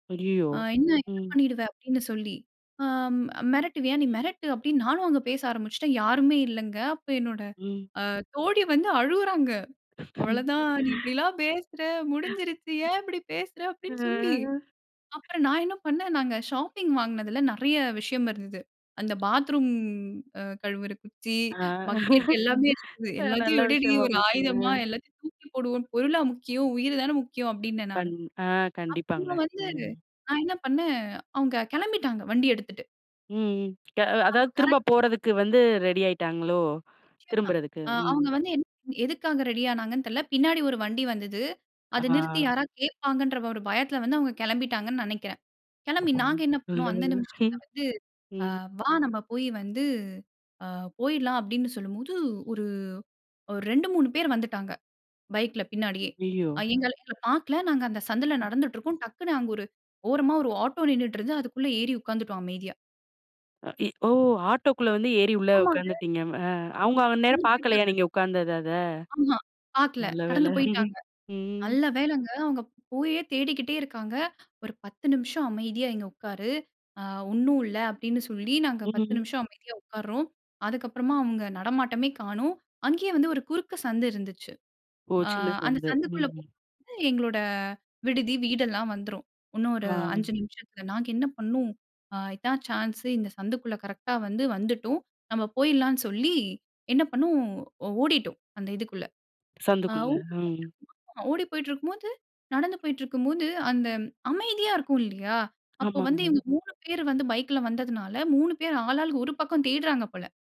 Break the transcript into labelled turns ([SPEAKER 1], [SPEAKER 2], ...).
[SPEAKER 1] அய்யயோ!
[SPEAKER 2] ஆ என்ன என்ன
[SPEAKER 1] ம்.
[SPEAKER 2] பண்ணிடுவ? அப்பிடின்னு சொல்லி ஆ அம், மிரட்டுவியா? நீ மிரட்டு. அப்பிடின்னு நானும் அங்க பேச ஆரம்பிச்சிட்டேன். யாருமே இல்லங்க. அப்ப என்னோட
[SPEAKER 1] ம்.
[SPEAKER 2] ஆ தோழி வந்து அழுவுறாங்க. அவ்வளவதான் நீ இப்பிடியெல்லாம் பேசுற! முடிஞ்சிருச்சு. ஏன் இப்பஜடி பேசுற?
[SPEAKER 1] ஆ.
[SPEAKER 2] அப்பிடின்னு சொல்லி, அப்புறம் நான் என்ன பண்ணேன், நாங்க ஷாப்பிங் வாங்கினதில நிறைய விஷயம் இருந்தது. அந்த பாத்ரூம் அ கழுவுற குச்சி,
[SPEAKER 1] ஆ.
[SPEAKER 2] பக்கெட் எல்லாமே இருந்தது.
[SPEAKER 1] அ நல்ல
[SPEAKER 2] எல்லாத்தையும் எடுடி!
[SPEAKER 1] விஷயமா
[SPEAKER 2] ஒரு
[SPEAKER 1] போச்சுங்க.
[SPEAKER 2] ஆயுதமா எல்லாத்தையும் தூக்கி போடுவோம். பொருளா முக்கியம், உயிர் தான முக்கியம் அப்பிடினேன் நானு.
[SPEAKER 1] கண் ஆ கண்டிப்பாங்க.
[SPEAKER 2] அப்பறமா வந்து
[SPEAKER 1] ம்.
[SPEAKER 2] நான் என்ன பண்ணேன்? அவுங்க கிளம்பிட்டாங்க வண்டிய எடுத்துட்டு.
[SPEAKER 1] ம், ம்.
[SPEAKER 2] அப்ப
[SPEAKER 1] அதாவது திரும்ப
[SPEAKER 2] கரெக்ட் ஆ
[SPEAKER 1] போறதுக்கு வந்து ரெடி ஆய்ட்டாங்களோ!
[SPEAKER 2] நிச்சயமா.
[SPEAKER 1] திரும்புறதுக்கு,
[SPEAKER 2] அ
[SPEAKER 1] ம்.
[SPEAKER 2] அவுங்க வந்து என் எதுக்காக ரெடி ஆனாங்கன்னு தெரியல. பின்னாடி ஒரு வண்டி வந்தது. அத நிறுத்தி
[SPEAKER 1] ஆ.
[SPEAKER 2] யாராவது கேட்பாங்கன்ற ஒரு பயத்தில வந்து அவுங்க கிளம்பிட்டாங்கன்னு நினைக்கிறேன். கிளம்பி
[SPEAKER 1] அப்பாடி
[SPEAKER 2] நாங்க என்ன பண்ணோம்? அந்த
[SPEAKER 1] நல்லவேள,
[SPEAKER 2] நிமிஷத்தில வந்து ஆ
[SPEAKER 1] ம்.
[SPEAKER 2] வா! நம்ம போய் வந்து ஆ போயிட்லாம் அப்பிடின்னு சொல்லும்போது ஒரு 2 3 பேரு வந்துட்டாங்க. பைக்ல பின்னாடியே!
[SPEAKER 1] ஐயய்யோ!
[SPEAKER 2] அ எங்கள பார்க்கல. நாங்க அந்த சந்துல நடந்துட்டு இருக்கோம். டக்குனு அங்க ஒரு ஓரமா ஒரு ஆட்டோ நின்னுட்டு இருந்து அதுக்குள்ள ஏறி உட்கார்ந்துட்டோம் அமைதியா
[SPEAKER 1] இ எ ஓ! ஆட்டோக்குள்ள வந்து ஏறி உள்ள
[SPEAKER 2] ஆமாங்க.
[SPEAKER 1] உட்காந்துட்டீங்க. அ அவுங்க அந்த
[SPEAKER 2] ஆமா.
[SPEAKER 1] நேரம் பார்க்கலயா!
[SPEAKER 2] [unintelligible]
[SPEAKER 1] நீங்க உட்காந்தத அத
[SPEAKER 2] ஆமா. பார்க்கல.
[SPEAKER 1] நல்ல வேள,
[SPEAKER 2] கடந்து போயிட்டாங்க.
[SPEAKER 1] ம்.
[SPEAKER 2] நல்ல வேலங்க அவுங்க போயே தேடிக்கிட்டே இருக்காங்க. ஒரு 10 நிமிஷம் அமைதியா இங்க உட்காரு! ஆ ஒண்ணும் இல்ல. அப்பிடின்னு சொல்லி நாங்க 10
[SPEAKER 1] ம்.
[SPEAKER 2] நிமிஷம் அமைதியா உட்கார்றோம். அதுக்கப்பறமா அவுங்க நடமாட்டமே காணோம். அங்கேயே வந்து ஒரு குறுக்கு சந்து இருந்துச்சு.
[SPEAKER 1] ஓ!
[SPEAKER 2] ஆ
[SPEAKER 1] சின்ன
[SPEAKER 2] அந்த
[SPEAKER 1] சந்து.
[SPEAKER 2] சந்துக்குள்ள
[SPEAKER 1] ம்.
[SPEAKER 2] போக
[SPEAKER 1] ம்.
[SPEAKER 2] எங்களோட விடுதி, வீடெல்லாம் வந்துரும். இன்னும் ஒரு 5
[SPEAKER 1] ஆ.
[SPEAKER 2] நிமிஷத்தில. நாங்க என்ன பண்ணோம்? அ இதான் சான்ஸ் இந்த சந்துக்குள்ள கரெக்ட்டா வந்து வந்துட்டோம். நம்ம போயிட்லான்னு சொல்லி, என்ன பண்ணோம்? ஓ ஓடிட்டோம் அந்த இதுக்குள்ள. ஆ
[SPEAKER 1] சந்துக்குள்ள. ம்.
[SPEAKER 2] [unintelligible] ஓடி போயிட்டிருக்கும்போது நடந்து போயிட்டிருக்கும்போது, அந்த அமைதியா இருக்கும் இல்லயா! அப்போ வந்து
[SPEAKER 1] ஆமாங்க.
[SPEAKER 2] இவுங்க 3 பேரு வந்து பைக்ல வந்ததுனால 3 பேரும் ஆள், ஆளுக்கு ஒரு பக்கம் தேட்றாங்க போல.